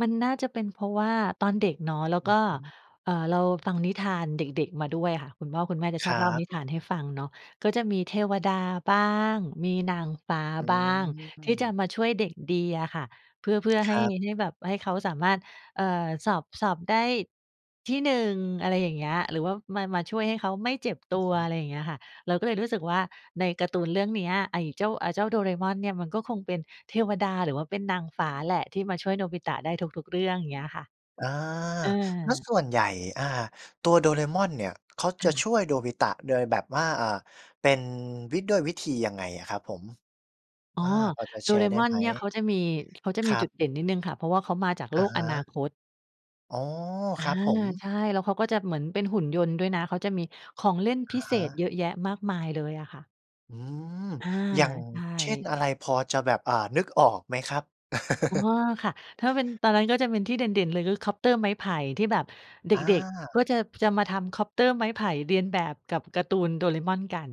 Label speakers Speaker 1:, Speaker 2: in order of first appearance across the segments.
Speaker 1: มันน่าจะเป็นเพราะว่าตอนเด็กเนาะ แล้ว
Speaker 2: อื
Speaker 1: ก็
Speaker 2: อฮึ
Speaker 1: เอ่อ เราฟังนิทานเด็ก ๆ มาด้วยค่ะ คุณพ่อคุณแม่จะช
Speaker 2: ค
Speaker 1: อ
Speaker 2: ร
Speaker 1: บ
Speaker 2: ั
Speaker 1: เล่าน
Speaker 2: บ
Speaker 1: ิทานให้ฟังเนาะ ก็จะมีเทวดาบ้าง มีนางฟ้า
Speaker 2: อื
Speaker 1: บ้าง ที่จะ
Speaker 2: ม
Speaker 1: มาช่วยเด็กดีอะค่ะ เพื่อ เพื่อให
Speaker 2: ค
Speaker 1: ้
Speaker 2: รับ
Speaker 1: ให้แบบให้เขาสามารถ เอ่อ สอบ สอบได้ ที่ 1 อะไรอย่างเงี้ย หรือว่ามา มาช่วยให้เขาไม่เจ็บต
Speaker 2: อ
Speaker 1: ั
Speaker 2: ือ
Speaker 1: ว
Speaker 2: ฮึ
Speaker 1: อะไรอย่างเงี้ยค่ะ เราก็เลยรู้สึกว่า ในการ์ตูนเรื่องเนี้ย ไอ้เจ้า อ่า เจ้า Doraemon เนี่ย มันก็คงเป็นเทวดา หรือว่าเป็นนางฟ้าแหละ ที่มาช่วยโนบิตะได้ทุก ๆ เรื่อง อย่างเงี้ยค่ะ
Speaker 2: อา
Speaker 1: เอ
Speaker 2: แล้ว
Speaker 1: อ
Speaker 2: ส่วนใหญ่ อ่า ตัว Doraemon เนี่ย เขา
Speaker 1: ค
Speaker 2: จะ
Speaker 1: ่
Speaker 2: ช
Speaker 1: ะ
Speaker 2: ่วยโนบิตะโดยแบบว่า อ่า เป็น วิ ด้วยวิธียังไงอะครับผม?
Speaker 1: อ๋อ
Speaker 2: อา พอจะแชร์ได้ไ
Speaker 1: Doraemon
Speaker 2: หม?
Speaker 1: เนี่ยเขาจะมี เขาจะ
Speaker 2: ค
Speaker 1: มี
Speaker 2: รั
Speaker 1: จุ
Speaker 2: บ
Speaker 1: ดเด่นนิดหนึ่งค่ะ เพราะว่าเขามาจากโ
Speaker 2: อ
Speaker 1: ล
Speaker 2: ะ
Speaker 1: ก
Speaker 2: ฮ
Speaker 1: อนา
Speaker 2: ะ
Speaker 1: คต
Speaker 2: อ๋อ
Speaker 1: อ
Speaker 2: ค
Speaker 1: า
Speaker 2: รับผม
Speaker 1: ใช่ แล้วเขาก็จะเหมือนเป็นหุ่นยนต์ด้วยนะ เขาจะมีของเล่น
Speaker 2: อ
Speaker 1: พิ
Speaker 2: ะ
Speaker 1: เ
Speaker 2: ฮ
Speaker 1: ศษเ
Speaker 2: ะ
Speaker 1: ยอะแยะมากมายเลยอะค่ะ
Speaker 2: อืม
Speaker 1: อา
Speaker 2: อย่าง
Speaker 1: ใช
Speaker 2: เช่น
Speaker 1: ่
Speaker 2: อะไร พอจะแบบ อ่า นึกออกไหมครับ?
Speaker 1: อ๋อ ค่ะ ถ้าเป็นตอนนั้นก็จะเป็นที่เด่น ๆ เลย ก็คอปเตอร์ไม้ไผ่ ที่แบบเด
Speaker 2: อ
Speaker 1: ็ก ๆ ก็
Speaker 2: า
Speaker 1: จะ จะมาทำคอปเตอร์ไม้ไผ่เลียนแบบกับการ์ตูน Doraemon กัน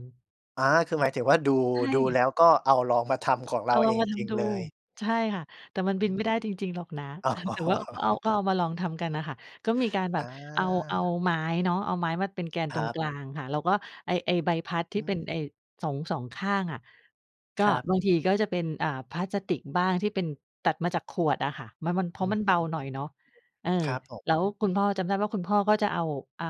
Speaker 2: อา คือหมายถึงว่า ดู
Speaker 1: ใช
Speaker 2: ดู
Speaker 1: ่
Speaker 2: แล้วก็เอาลองมาทำของ
Speaker 1: เ
Speaker 2: เ
Speaker 1: อ
Speaker 2: ร
Speaker 1: า
Speaker 2: า
Speaker 1: ล
Speaker 2: เ
Speaker 1: อ
Speaker 2: อ
Speaker 1: งม
Speaker 2: ง
Speaker 1: าท
Speaker 2: จริง
Speaker 1: ำดู
Speaker 2: เลย
Speaker 1: ใช่ค่ะ แต่มัน
Speaker 2: อื
Speaker 1: บ
Speaker 2: อ
Speaker 1: ิ
Speaker 2: ฮ
Speaker 1: น
Speaker 2: ึ
Speaker 1: ไม่ได้จริง ๆ หรอกนะ
Speaker 2: อ
Speaker 1: แต่ว่า ก็เอา
Speaker 2: ๋อ
Speaker 1: ก็เอามาลองทำกันน่ะค่ะ ก็มีการแบ
Speaker 2: อ
Speaker 1: บ
Speaker 2: า
Speaker 1: เอา เอาไม้เนาะ เอาไม้มาเป็นแกน
Speaker 2: ค
Speaker 1: ตร
Speaker 2: ร
Speaker 1: ง
Speaker 2: ั
Speaker 1: ก
Speaker 2: บ
Speaker 1: ลางค่ะ แล้วก็ไอ้ ไอ้ใบพัดท
Speaker 2: อื
Speaker 1: ี่เป
Speaker 2: ม
Speaker 1: ็นไอ้ 2 2 ข้างอะ ก็
Speaker 2: ครับ
Speaker 1: บางทีก็จะเป็น อ่า พลาสติกบ้าง ที่เป็น ตัดมาจากขวดอะค่ะ มัน มัน เพ
Speaker 2: อ
Speaker 1: รา
Speaker 2: ื
Speaker 1: ะ
Speaker 2: อ
Speaker 1: มันเบ
Speaker 2: ฮ
Speaker 1: า
Speaker 2: ึ
Speaker 1: หน่อยเนาะ เออ
Speaker 2: ครับผ
Speaker 1: แล้ว
Speaker 2: ม
Speaker 1: คุณพ่อจำได้ว่า คุณพ่อก็จะเอา อ่า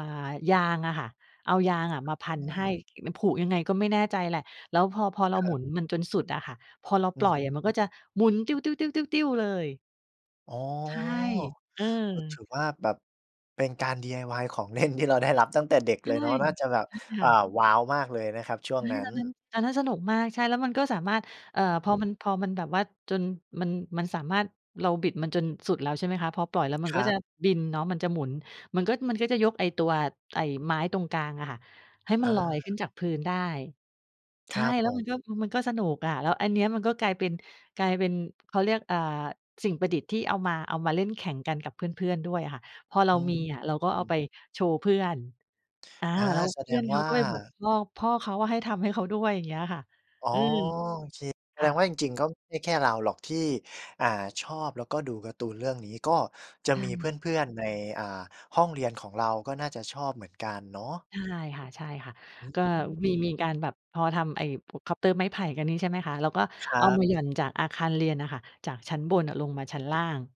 Speaker 1: ยางอะค่ะ เอายางอะมาพั
Speaker 2: อ
Speaker 1: น
Speaker 2: ื
Speaker 1: ให้
Speaker 2: ม
Speaker 1: แล้วผูกยังไงก็ไม่แน่ใจแหละ แล้วพอ พอเรา
Speaker 2: ครั
Speaker 1: หมุ
Speaker 2: บ
Speaker 1: นมันจนสุดอะค่ะ พอเรา
Speaker 2: อื
Speaker 1: ปล
Speaker 2: อ
Speaker 1: ่อย
Speaker 2: ฮ
Speaker 1: อ
Speaker 2: ึ
Speaker 1: ะมันก็จะหมุนติ้ว ๆ ๆ ๆ ๆ เลย
Speaker 2: อ๋อ
Speaker 1: ใช่ เอ
Speaker 2: ก็ถื
Speaker 1: อ
Speaker 2: อว่าแบบเป็นการ DIY ของเล่น ที่เราได้รับตั้งแต่เด็ก
Speaker 1: ใช
Speaker 2: เ
Speaker 1: ่
Speaker 2: ลยเนาะ น่าจะแบบ
Speaker 1: ใช่ค
Speaker 2: อ่
Speaker 1: ่
Speaker 2: า
Speaker 1: ะ
Speaker 2: ว้าวมากเลยนะครับช่ว
Speaker 1: เฮ
Speaker 2: ง
Speaker 1: ้ย
Speaker 2: นั้
Speaker 1: ต
Speaker 2: น
Speaker 1: อนนั้น อันนั้นสนุกมาก ใช่ แล้วมันก็สามารถ เอ่อ
Speaker 2: อื
Speaker 1: พอ
Speaker 2: ม
Speaker 1: มัน พอมันแบบว่าจนมัน มันสามารถ เราบิดมันจนสุดแล้ว ใช่ไหมคะ พอปล่อยแล้วมั
Speaker 2: ค
Speaker 1: น
Speaker 2: ร
Speaker 1: ก็
Speaker 2: ั
Speaker 1: จะ
Speaker 2: บ
Speaker 1: บินเนาะ มันจะหมุน มันก็ มันก็จะยกไอ้ตัวไอ้ไม้ตรงกลางอะค่ะ ให้
Speaker 2: อ
Speaker 1: มันลอยข
Speaker 2: า
Speaker 1: ึ้นจากพื้นได้ ใช
Speaker 2: ค
Speaker 1: ่
Speaker 2: รับ
Speaker 1: แล
Speaker 2: ผ
Speaker 1: ้วมันก็
Speaker 2: ม
Speaker 1: มันก็สนุกอะ แล้วอันเนี้ย มันก็กลายเป็น กลายเป็น เขาเรียก อ่า สิ่งประดิษฐ์ที่เอามา เอามาเล่นแข่งกันกับเพื่อน ๆ ด้วยอะค่ะ พอเร
Speaker 2: อ
Speaker 1: า
Speaker 2: ื
Speaker 1: มีอะเราก็เอา
Speaker 2: ม
Speaker 1: ไปโชว์เพื่อน อา
Speaker 2: อา
Speaker 1: แล้ว
Speaker 2: แส
Speaker 1: เพ
Speaker 2: ด
Speaker 1: ื่อ
Speaker 2: ง
Speaker 1: นเข
Speaker 2: ว
Speaker 1: า
Speaker 2: ่
Speaker 1: ก็ไปบอก
Speaker 2: า
Speaker 1: พ่อ พ่อเขาอะให้ทำให้เขาด้วย อย่างเงี้ยค่ะ
Speaker 2: อ๋อ
Speaker 1: อืม
Speaker 2: โอเค แส
Speaker 1: ค
Speaker 2: ด
Speaker 1: ่
Speaker 2: ง
Speaker 1: ะ
Speaker 2: ว่าจริง ๆ ก็ไม่แค่เราหรอกที่ อ่า ชอบ แล้วก็ดูการ์ตูนเรื่องนี้ ก็จะ
Speaker 1: ใช
Speaker 2: มีเพ
Speaker 1: ่
Speaker 2: ื่อน ๆ ใน อ่า ห้องเรียนของเรา ก็น่าจะชอบเหมือนกันเนาะ
Speaker 1: ใช่ค่ะ
Speaker 2: อื
Speaker 1: ๆ ก็มี ม
Speaker 2: ม
Speaker 1: ีการแบบพอทำไอ้พวกคอปเตอร์ไม้ไผ่กันนี่ ใช่ไหมคะ แล้วก็
Speaker 2: คร
Speaker 1: เอ
Speaker 2: ั
Speaker 1: า
Speaker 2: บ
Speaker 1: มาหย่อนจากอาคารเรียนน่ะค่ะ จากชั้นบนอะลงมาชั้นล่าง